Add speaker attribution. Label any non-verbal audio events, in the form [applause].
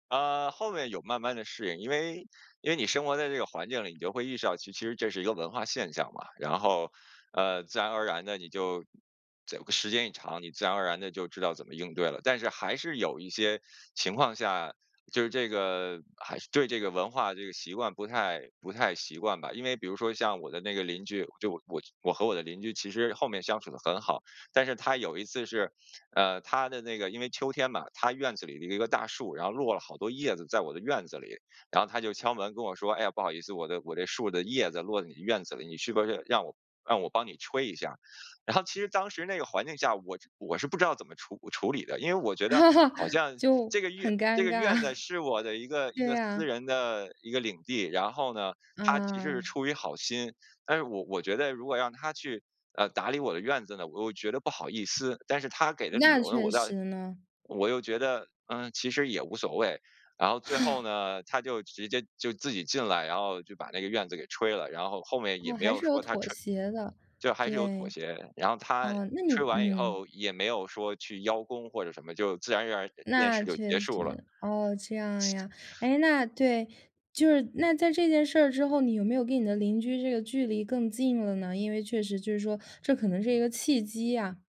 Speaker 1: 呃，后面有慢慢地适应，因为因为你生活在这个环境里，你就会意识到，其实这这是一个文化现象嘛，然后，呃，自然而然地你就再有个时间一长，你自然而然地就知道怎么应对了。但是还是有一些情况下，就是这个，还是对这个文化这个习惯不太不太习惯吧。因为比如说像我的那个邻居，就我我和我的邻居，其实后面相处得很好，但是他有一次是，呃，他的那个因为秋天嘛，他院子里的一个大树，然后落了好多叶子在我的院子里，然后他就敲门跟我说：“哎呀，不好意思，我的我这树的叶子落到你院子里，你是不是让我让我帮你吹一下？”然后其实当时那个环境下，我我是不知道怎么处处理的，因为我觉得，
Speaker 2: [laughs]
Speaker 1: 好像
Speaker 2: 就，
Speaker 1: 这个院
Speaker 2: 很
Speaker 1: 这
Speaker 2: 尴
Speaker 1: 个
Speaker 2: 尬。
Speaker 1: 院子
Speaker 2: [chuckles]
Speaker 1: 是我的一个一
Speaker 2: 对
Speaker 1: 个私
Speaker 2: 呀。
Speaker 1: 人的一个领地，然后呢，他其实是
Speaker 2: 嗯。
Speaker 1: 出于好心，但是我我觉得如果让他去，呃，打理我的院子呢，我又觉得不好意思，但是他给的理
Speaker 2: 那
Speaker 1: 由呢，
Speaker 2: 确
Speaker 1: 我倒
Speaker 2: 实呢。
Speaker 1: 我又觉得，嗯，其实也无所谓。然后最后呢，他就直接就自己进来，然后就把那个院子给吹了，然后后面也
Speaker 2: 哦，
Speaker 1: 没
Speaker 2: 还
Speaker 1: 有
Speaker 2: 是有
Speaker 1: 说他
Speaker 2: 妥
Speaker 1: 吹
Speaker 2: 协的，
Speaker 1: 就还是有妥
Speaker 2: 对。
Speaker 1: 协，然后他，
Speaker 2: 哦，那你
Speaker 1: 吹完以
Speaker 2: 嗯。
Speaker 1: 后也没有说去邀功或者什么，就自然而然那件
Speaker 2: 那
Speaker 1: 事就结
Speaker 2: 确
Speaker 1: 束了。
Speaker 2: 实，哦，这样呀。哎，那对，就是，那在这件事儿之后，你有没有跟你的邻居这个距离更近了呢？因为确实就是说，这可能是一个契机呀。